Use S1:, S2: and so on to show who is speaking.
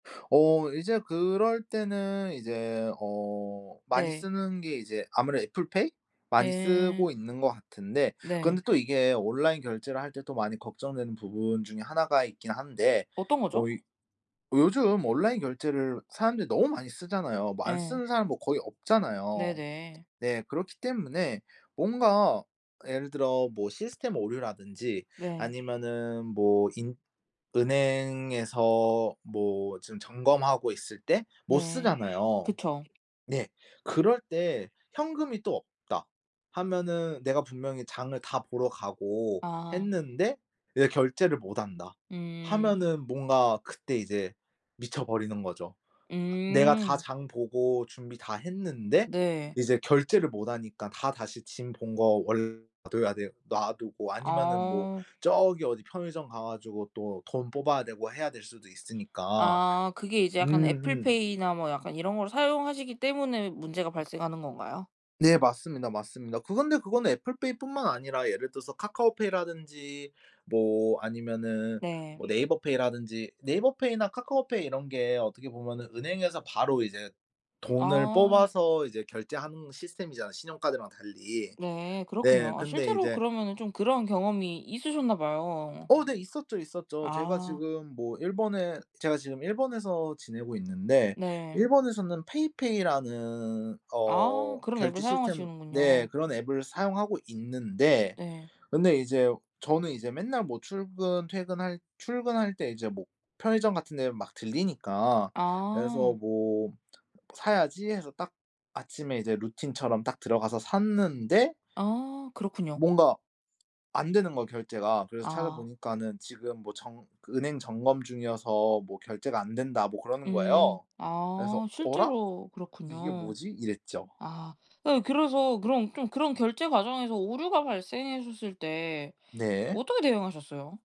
S1: 어 이제 그럴 때는 이제 어 많이
S2: 네.
S1: 쓰는 게 이제 아무래도 애플 페이 많이 쓰고
S2: 예.
S1: 있는 것 같은데
S2: 네.
S1: 근데 또 이게 온라인 결제를 할 때 또 많이 걱정되는 부분 중에 1 가 있긴 한데
S2: 어떤
S1: 어
S2: 거죠?
S1: 이 요즘 온라인 결제를 사람들이 너무 많이 쓰잖아요. 뭐 안
S2: 예.
S1: 쓰는 사람 뭐 거의 없잖아요.
S2: 네네.
S1: 네. 그렇기 때문에 뭔가 예를 들어 뭐 시스템 오류라든지
S2: 네.
S1: 아니면은 뭐 인 은행에서 뭐 지금 점검하고 있을 때 못
S2: 네.
S1: 쓰잖아요.
S2: 그쵸.
S1: 네. 그럴 때 현금이 또 없다 하면은 내가 분명히 장을 다 보러 가고
S2: 아.
S1: 했는데 이제 결제를 못 한다
S2: 음.
S1: 하면은 뭔가 그때 이제 미쳐버리는 거죠. 내가 다
S2: 음.
S1: 장 보고 준비 다 했는데
S2: 네.
S1: 이제 결제를 못 하니까 다 다시 짐 본 거 원래 놔둬야 돼 놔두고 아니면은 뭐
S2: 아.
S1: 저기 어디 편의점 가 가지고 또 돈 뽑아야 되고 해야 될 수도 있으니까
S2: 아 그게 이제 약간 애플
S1: 음음.
S2: 페이나 뭐 약간 이런 걸 사용하시기 때문에 문제가 발생하는 건가요?
S1: 네. 맞습니다, 맞습니다. 그건데 그거는 애플 페이뿐만 아니라 예를 들어서 카카오 페이라든지 뭐 아니면은
S2: 네.
S1: 뭐 네이버 페이라든지 네이버 페이나 카카오 페이 이런 게 어떻게 보면은 은행에서 바로 이제 돈을
S2: 아.
S1: 뽑아서 이제 결제하는 시스템이잖아 신용카드랑 달리.
S2: 네.
S1: 네.
S2: 그렇군요. 아
S1: 근데
S2: 실제로
S1: 이제
S2: 그러면은 좀 그런 경험이 있으셨나 봐요.
S1: 어 네. 있었죠, 있었죠. 제가
S2: 아.
S1: 지금 뭐 일본에 제가 지금 일본에서 지내고 있는데
S2: 네.
S1: 일본에서는 페이페이라는
S2: 아
S1: 어
S2: 그런
S1: 결제
S2: 앱을
S1: 시스템 네.
S2: 사용하시는군요.
S1: 그런 앱을 사용하고 있는데
S2: 네.
S1: 근데 이제 저는 이제 맨날 뭐 출근 퇴근할 출근할 때 이제 뭐 편의점 같은 데를 막 들르니까 그래서
S2: 아.
S1: 뭐 '사야지.' 해서 딱 아침에 이제 루틴처럼 딱 들어가서 샀는데
S2: 아 그렇군요.
S1: 뭔가 안 되는 거야 결제가. 그래서
S2: 아.
S1: 찾아보니까는 지금 뭐 정 그 은행 점검 중이어서 뭐 결제가 안 된다 뭐 그러는
S2: 음
S1: 거예요. 그래서
S2: 아
S1: '어라?
S2: 실제로
S1: 이게
S2: 그렇군요.
S1: 뭐지?' 이랬죠.
S2: 아 아니 그래서 그럼 좀 그런 결제 과정에서 오류가 발생했었을 때
S1: 네.
S2: 어떻게 대응하셨어요?